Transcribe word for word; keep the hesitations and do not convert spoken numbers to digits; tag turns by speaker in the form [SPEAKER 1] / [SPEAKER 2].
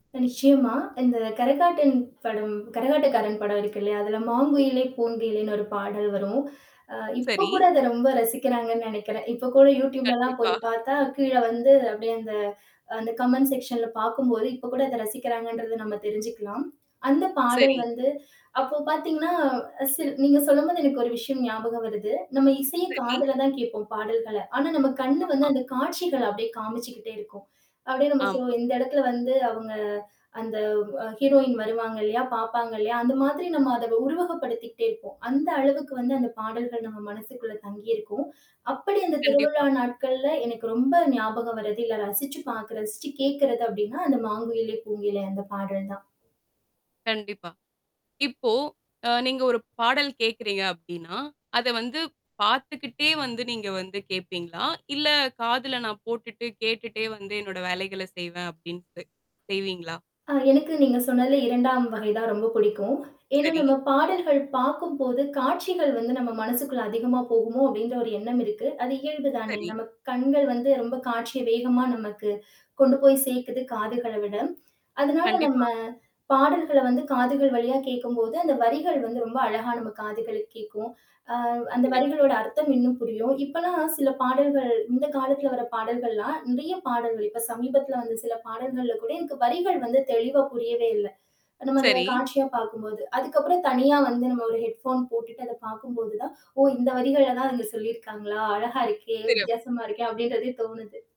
[SPEAKER 1] கன்ஷியு மா. இந்த கரகாட்டன் படம், கரகாட்டக்காரன் படம் இருக்கில்லயா, அதில "மாங்குயிலே பூங்குயிலேன்னு" ஒரு பாடல் வரும். ஆ இப்ப
[SPEAKER 2] சரி.
[SPEAKER 1] கூட அத ரொம்ப ரசிக்கிறாங்கன்னு நினைக்கிறேன். இப்ப கூட யூடூப்பில் லலாம் போய்
[SPEAKER 2] கண்டிப்பா.
[SPEAKER 1] பார்த்தா கீழ வந்து அப்பிடியே அந்த அந்த கமெண்ட் செக்ஷன்ல பார்க்கும்போது, இப்போ கூட அத ரசிக்கிறாங்கன்றத நம்ம தெரிஞ்சிக்கலாம். அந்த பாடல்
[SPEAKER 2] சரி.
[SPEAKER 1] வந்து அப்போ பார்த்தீங்கன்னா சில் நீங்க சொல்லும்போது எனக்கு ஒரு விஷயம் ஞாபகம் வருது. நம்ம இசைய
[SPEAKER 2] சரி.
[SPEAKER 1] காதுல தான் கேட்போம் பாடல்கள. ஆனா நம்ம கண் வந்து
[SPEAKER 2] ஆமா.
[SPEAKER 1] அந்த காட்சிகள அப்பிடியே காமிச்சிக்கிட்டே இருக்கும். அப்பிடியே நம்ம
[SPEAKER 2] ஆமா.
[SPEAKER 1] சொல்லுவோம், இந்த இடத்தில வந்து அவுங்க அந்த அ ஹீரோயின் வருவாங்க இல்லயா! பார்ப்பாங்க இல்லயா! அந்த மாதிரி நம்ம அத உருவகப்படுத்திக்கிட்டே இருப்போம். அந்தளவுக்கு வந்து அந்த பாடல்கள் நம்ம மனசுக்குள்ள தங்கி இருக்கும். அப்பிடி அந்த திருவிழா
[SPEAKER 2] கண்டிப்பா.
[SPEAKER 1] நாட்கள்ல எனக்கு ரொம்ப ஞாபகம் வர்து இல்ல ரசிச்சு பார்க்கிற ரசிச்சு கேட்கிறது அப்பிடின்னா அந்த "மாங்குயிலே பூங்குயிலே" அந்த பாடல் தான்.
[SPEAKER 2] கண்டிப்பா. இப்போ அ நீங்க ஒரு பாடல் கேட்கிறீங்க அப்பிடின்னா, அத வந்து பார்த்துக்கிட்டே வந்து நீங்க வந்து கேட்பீங்களா! இல்ல காதில நான் போட்டுட்டு கேட்டுட்டே வந்து என்னோட வேலைகள செய்வேன். அப்படீன்டு செய்வீங்களா?
[SPEAKER 1] ஆ, எனக்கு நீங்க சொன்னதில்ல இரண்டாம் வகை தான் ரொம்ப பிடிக்கும். ஏன்னா,
[SPEAKER 2] சரி.
[SPEAKER 1] நம்ம பாடல்கள் பார்க்கும்போது காட்சிகள் வந்து நம் மனசுக்குள்ள அதிகமா போகுமோ! அப்பிடின்றன்ற ஒரு எண்ணம் இருக்கு. அது இயல்பு தானே!
[SPEAKER 2] சரி.
[SPEAKER 1] நமக்கு கண்கள் வந்து ரொம்ப காட்சிய வேகமா நமக்கு கொண்டு போய் சேர்க்கிது காதுகள விட. அதனால நம்ம
[SPEAKER 2] கண்டிப்பா.
[SPEAKER 1] பாடல்கள வந்து காதுகள் வழியா கேட்கும்போது, அந்த வரிகள் வந்து ரொம்ப அழகா நம்ம காதுகளுக்கு கேட்கும் ஆ அந்த
[SPEAKER 2] சிறப்பு.
[SPEAKER 1] வரிகளோட அர்த்தம் இன்னும் புரியும். இப்பதான் சில பாடல்கள் இந்த காலத்தில வர பாடல்கள்லாம் நிறைய பாடல்கள் இப்ப சமீபத்தில வந்த சில பாடல்கள்ல கூட எனக்கு வரிகள் வந்து தெளிவா புரியவே இல்ல. நம்ம அத
[SPEAKER 2] சரி.
[SPEAKER 1] காட்சியா பார்க்கும்போது. அதுக்கப்புறம் தனியா வந்து நம்ம ஒரு ஹெட்போன் போட்டுட்டு அத பார்க்கும்போதுதான், ஓ! இந்த வரிகள தான் அதுல சொல்லியிருக்காங்களா! அழகா இருக்கே!
[SPEAKER 2] சிறப்
[SPEAKER 1] வித்தியாசமா இருக்கே! அப்பிடின்றதே தோணுது.